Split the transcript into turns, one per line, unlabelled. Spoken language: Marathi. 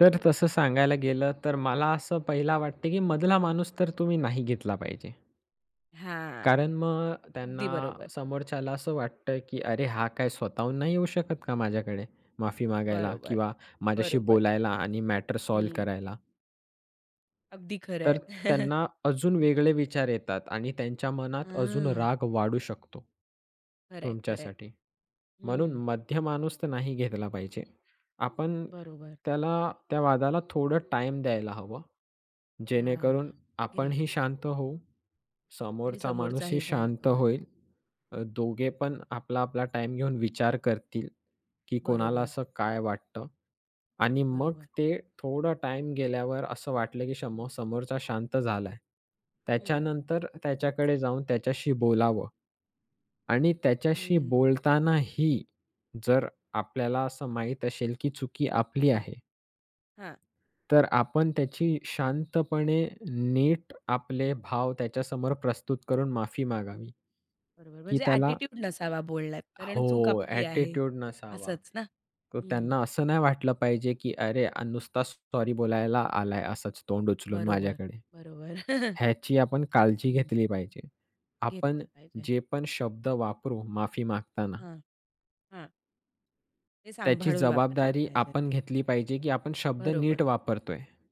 तर तसं सांगायला गेलं तर मला असं पहिला वाटते, की मधला माणूस तर तुम्ही नाही घेतला पाहिजे.
हां.
कारण मग
अगदी
त्यांना
बरोबर.
समोरच्याला असं वाटतं, की "अरे हा काय स्वतःहून नाही येऊ शकत का माझ्याकडे माफी मागायला
बरोबर.
किंवा माझ्याशी
बरोबर.
बोलायला आणि मॅटर सॉल्व्ह
हं.
करायला?"
अगदी खरं
तर
आहे.
त्यांना अजून वेगळे विचार येतात आणि त्यांच्या मनात अजून
हां.
राग वाढू शकतो
खरंय, खरंय.
तुमच्यासाठी. म्हणून
हं.
मध्य माणूस तर नाही घेतला पाहिजे. आपण
बरोबर.
त्याला त्या वादाला थोडं टाईम द्यायला हवं.
हां.
जेणेकरून
ग्रेट.
आपणही शांत होऊ,
आणि
समोरचा माणूसही
समोरचाही शांत
शांत
होईल.
होईल, अ, दोघे पण आपला-आपला टाईम घेऊन विचार करतील, की कोणाला
बरोबर.
असं काय वाटतं आणि मग
बरोबर.
ते थोडा टाईम गेल्यावर असं वाटलं, की समो
हं.
समोरचा शांत झालाय,
हं.
त्याच्यानंतर त्याच्याकडे जाऊन त्याच्याशी बोलावं. आणि त्याच्याशी
हं.
बोलतानाही जर आपल्याला असं माहीत असेल, की चुकी आपली
हां.
आहे
हां.
तर आपण त्याची शांतपणे नीट आपले भाव त्याच्यासमोर प्रस्तुत करून माफी मागावी,
बरोबर
की
म्हणजे
त्याला
ॲटिट्यूड नसावा बोलण्यात
हो
कारण चूक आपली आहे.
ॲटिट्यूड नसावा.
असंच ना?
तर
हं.
त्यांना असं नाही वाटलं पाहिजे, की अरे आ नुसताच सॉरी बोलायला आलाय असच तोंड उचलून
बरोबर,
माझ्याकडे.
बरोबर.
ह्याची आपण काळजी
हं.
घेतली पाहिजे. आपण
घेतली पाहिजे.
जे पण शब्द वापरू माफी मागताना
हां. हां. ते
त्याची
सांभाळून वापरले
जबाबदारी
पाहिजेत.
आपण घेतली पाहिजे, की आपण शब्द
बरोबर.
नीट वापरतोय.